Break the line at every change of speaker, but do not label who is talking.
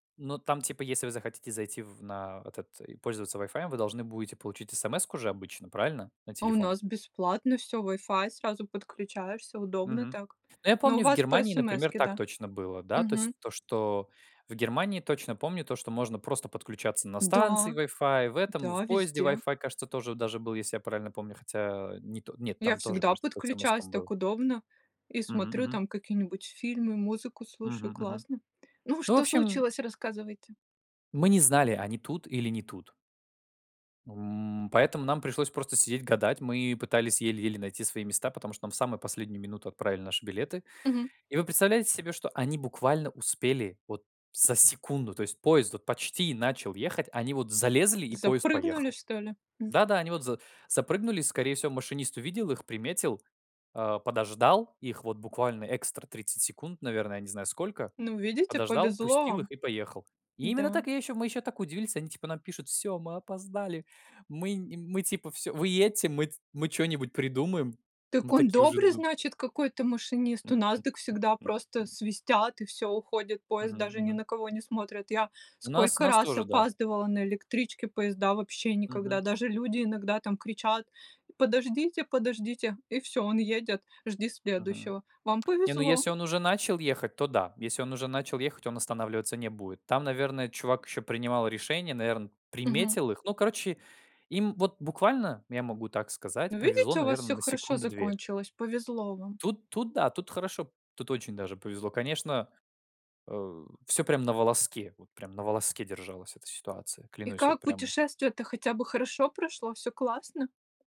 Ну, там, типа, если вы захотите зайти в на этот и пользоваться вайфаем, вы должны будете получить смс-ку же обычно, правильно? На
А у
телефон.
нас бесплатно всё: Wi-Fi, сразу подключаешься, удобно
Мгм.
так.
Ну, я
Но у
помню, в
вас по
Германии, например,
смс-ке,
так
да?
точно было, да. То есть
Мгм.
то, что в Германии точно помню, то, что можно просто подключаться на станции
Да!
Wi-Fi, и в этом в
Да,
поезде
везде.
Wi-Fi, кажется, тоже даже был, если я правильно помню. Хотя, э, не, то нет,
Я
там тоже,
всегда
кажется, по
подключаюсь,
смс-кам был.
так удобно, и
Мгм
смотрю
мгм.
там какие-нибудь фильмы, музыку
Мгм
слушаю,
мгм.
классно. Ну,
Ну, в
что
общем
случилось? Рассказывайте!
Мы не знали, они тут или не тут. М, поэтому нам пришлось просто сидеть, гадать, мы пытались еле-еле найти свои места, потому что нам в самую последнюю минуту отправили наши билеты.
Мгм.
И вы представляете себе, что они буквально успели вот за секунду, то есть поезд вот почти начал ехать, они вот залезли, и поезд
Запрыгнули,
поехал.
что ли? М
Да-да, они вот за запрыгнули, скорее всего, машинист увидел их, приметил, а подождал их вот буквально экстра 30 секунд, наверное, я не знаю сколько.
Ну, видите,
Подождал,
повезло
пустил их
вам.
и поехал. Именно
Да.
так. Я ещё мы ещё так удивились, они, типа, нам пишут: "Всё, мы опоздали, мы не мы". Типа: "Всё, вы едьте, мы т мы чё-нибудь придумаем". Мы
Так он
такие уже
добрый,
ду
значит, какой-то машинист! У нас, дак всегда просто свистят и всё, уходит поезд.
Мгм
Даже ни
мгм.
на кого не смотрят. Я
У нас
сколько
нас
раз
тоже, да.
опаздывала на электричке, поезда вообще никогда.
Мгм.
Даже люди иногда там кричат: "Подождите, подождите!". И всё, он едет, жди
Мгм.
следующего. Вам
Не, ну,
повезло.
если он уже начал ехать, то да. Если он уже начал ехать, он останавливаться не будет. Там, наверное, чувак ещё принимал решение, наверно,
Мгм.
приметил их. Ну, короче, им вот буквально, я могу так
Ну,
сказать, повезло,
видите, у вас
наверно,
всё
на
хорошо
секунды 2.
закончилось, повезло вам.
Тут тут, да, тут хорошо, тут очень даже повезло. Конечно, а, всё прям на волоске, вот прям на волоске держалась эта ситуация,
И
клянусь, вот
как
прям
путешествие-то хотя бы хорошо прошло, всё классно?